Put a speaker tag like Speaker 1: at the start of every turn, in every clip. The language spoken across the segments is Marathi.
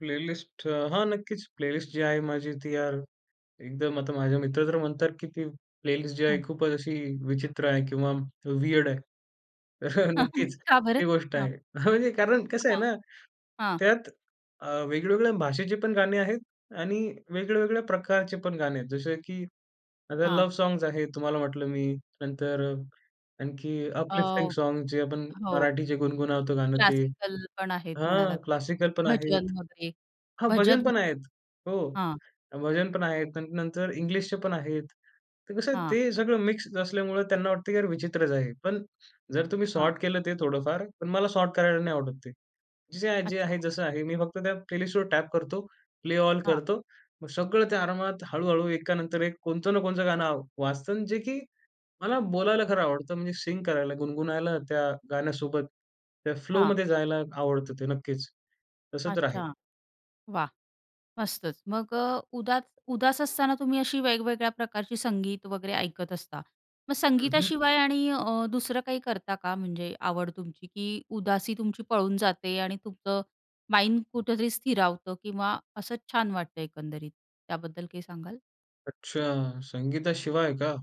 Speaker 1: प्लेलिस्ट हां, नक्कीच, प्लेलिस्ट जी आहे माझी ती यार एकदम आता माझे मित्र तर म्हणतात, की ती प्लेलिस्ट जी आहे
Speaker 2: हां.
Speaker 1: खूपच अशी विचित्र आहे किंवा वियर्ड आहे. तर अ, नक्कीच
Speaker 2: का बरं?
Speaker 1: ही गोष्ट
Speaker 2: हां.
Speaker 1: आहे. म्हणजे कारण कसं आहे
Speaker 2: हां.
Speaker 1: ना,
Speaker 2: हां.
Speaker 1: त्यात अ, वेगवेगळ्या भाषेची पण गाणे आहेत आणि वेगवेगळ्या प्रकारचे पण गाणे आहेत. जसं की आता
Speaker 2: हां.
Speaker 1: लव्ह सॉन्ग्स आहेत तुम्हाला म्हटलं मी. नंतर अ, आणखी
Speaker 2: अ,
Speaker 1: अपलिफ्टिंग सॉन्ग्स जे आपण
Speaker 2: हो.
Speaker 1: मराठीचे गुणगुणावतो गाणं ते
Speaker 2: क्लासिकल पण आहेत
Speaker 1: हां,
Speaker 2: म्हणालात.
Speaker 1: क्लासिकल पण
Speaker 2: भजन
Speaker 1: आहेत.
Speaker 2: वगैरे.
Speaker 1: हां, भजन
Speaker 2: भजन
Speaker 1: पण आहेत. हो.
Speaker 2: हां.
Speaker 1: भजन पण आहेत. नं नंतर इंग्लिशचे पण आहेत. तर कसं आहे
Speaker 2: हां.
Speaker 1: ते सगळं मिक्स असल्यामुळं त्यांना वाटतं, की यार विचित्रच आहे. पण जर तुम्ही
Speaker 2: हां.
Speaker 1: सॉर्ट केलं ते थोडंफार, पण मला सॉर्ट करायला नाही आवडत ते. जे-जे आ जे आहे
Speaker 2: अच्छा.
Speaker 1: जसं आहे मी फक्त त्या प्लेलिस्टवर टॅप करतो प्ले ऑल
Speaker 2: हां.
Speaker 1: करतो. मग सगळं त्या आरामात हळू-हळू एकानंतर एक कोणतं ना कोणचं गाणं आव वाजतं अन् जे की मला बोलायला खरं आवडतं म्हणजे सिंग करायला गुणगुणायला त्या गाण्यासोबत, त्या
Speaker 2: हां.
Speaker 1: फ्लोमध्ये जायला आवडतं ते नक्कीच. तसं तर आहे.
Speaker 2: अच्छा. वाह! मस्तच! मग अ, उदात उदास असताना तुम्ही अशी वेगवेगळ्या प्रकारची संगीत वगैरे ऐकत असता. मग
Speaker 1: हं, हं.
Speaker 2: संगीताशिवाय आणि अ, दुसरं काही करता का म्हणजे आवड तुमची की उदासी तुमची पळून जाते आणि तुमचं माइंड कुठेतरी स्थिरावतं किंवा असं छान वाटतं एकंदरीत. त्याबद्दल काही सांगाल?
Speaker 1: अच्छा. संगीताशिवाय का?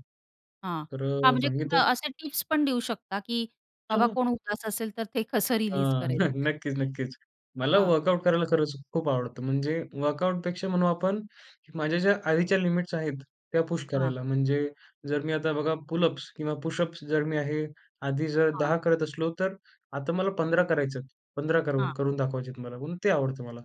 Speaker 2: हां.
Speaker 1: तर
Speaker 2: हां,
Speaker 1: अ,
Speaker 2: म्हणजे
Speaker 1: संगीता
Speaker 2: कुणा असे टिप्स पण देऊ शकता की
Speaker 1: हं,
Speaker 2: बाबा
Speaker 1: हं.
Speaker 2: कोण उदास असेल, तर ते कसं
Speaker 1: अ,
Speaker 2: रिलीज
Speaker 1: न
Speaker 2: करायचं त्याने?
Speaker 1: नक्कीच नक्कीच. मला
Speaker 2: हां.
Speaker 1: वर्कआउट करायला खरंच खूप आवडतं. म्हणजे वर्कआउटपेक्षा म्हणू आपण की माझ्या ज्या आधीच्या लिमिट्स आहेत, त्या पुश
Speaker 2: हां.
Speaker 1: करायला. म्हणजे जर मी आता बघा पुलअप्स किंवा पुशअप्स जर मी आहे आधी जर
Speaker 2: हां.
Speaker 1: 10 करत असलो, तर आता मला 15 करायचे आहेत. 15 करू
Speaker 2: हां.
Speaker 1: करून दाखवायचे आहेत मला म्हणून ते आवडतं मला.